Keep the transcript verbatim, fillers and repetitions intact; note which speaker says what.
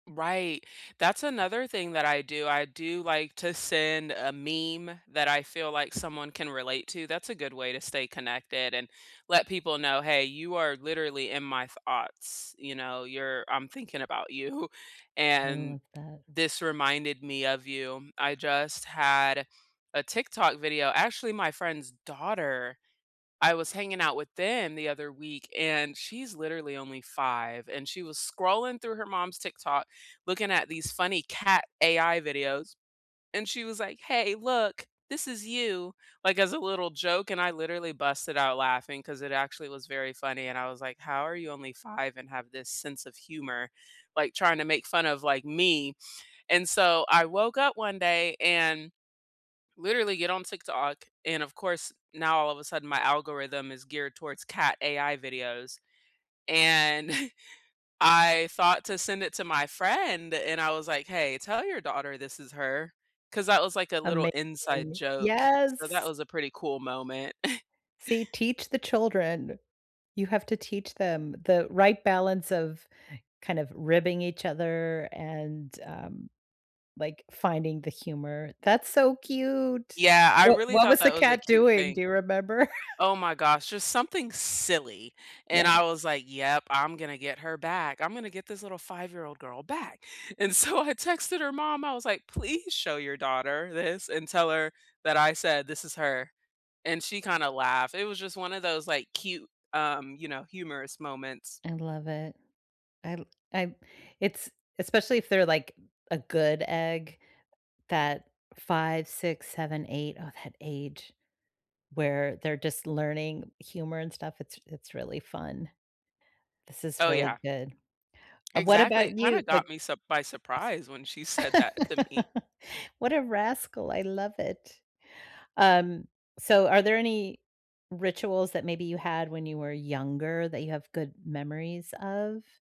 Speaker 1: Right. That's another thing that I do. I do like to send a meme that I feel like someone can relate to. That's a good way to stay connected and let people know, "Hey, you are literally in my thoughts," you know? "You're I'm thinking about you,
Speaker 2: Little
Speaker 1: and
Speaker 2: of that.
Speaker 1: this reminded me of you." I just had a TikTok video actually, my friend's daughter, I was hanging out with them the other week, and she's literally only five, and she was scrolling through her mom's TikTok, looking at these funny cat AI videos, and she was like, "Hey, look, this is you." Like as a little joke, and I literally busted out laughing 'cause it actually was very funny, and I was like, "How are you only five and have this sense of humor, like, trying to make fun of, like, me?" And so, I woke up one day and literally get on TikTok. And, of course, now all of a sudden, my algorithm is geared towards cat AI videos, and I thought to send it to my friend, and I was like, "Hey, tell your daughter this is her." 'Cause that was, like, a little inside
Speaker 2: Amazing.
Speaker 1: joke. So, that
Speaker 2: Yes!
Speaker 1: was a pretty cool moment.
Speaker 2: See, teach the children. You have to teach them the right balance of kind of ribbing each other and, um, like, finding the humor. That's so cute.
Speaker 1: Yeah, I
Speaker 2: Wha
Speaker 1: really
Speaker 2: what
Speaker 1: thought
Speaker 2: was the
Speaker 1: that was a
Speaker 2: cat
Speaker 1: cute
Speaker 2: doing?
Speaker 1: thing.
Speaker 2: Do you remember?
Speaker 1: Oh my gosh, just something silly, and
Speaker 2: Yeah.
Speaker 1: I was like, "Yep, I'm gonna get her back. I'm gonna get this little five-year-old girl back." And so I texted her mom. I was like, "Please show your daughter this and tell her that I said this is her." And she kinda laughed. It was just one of those, like, cute, um, you know, humorous moments.
Speaker 2: I love it. I l I I it's especially if they're, like, a good egg, that five, six, seven, eight, oh that age, where they're just learning humor and stuff, it's it's really fun. This is
Speaker 1: Oh,
Speaker 2: really
Speaker 1: yeah.
Speaker 2: good. Uh, what
Speaker 1: Exactly. It
Speaker 2: about
Speaker 1: kinda
Speaker 2: you?
Speaker 1: got
Speaker 2: Like
Speaker 1: me surp by surprise when she
Speaker 2: [unintelligible]
Speaker 1: said that to me.
Speaker 2: What a rascal. I love it. Um, so, are there any rituals that maybe you had when you were younger that you have good memories of?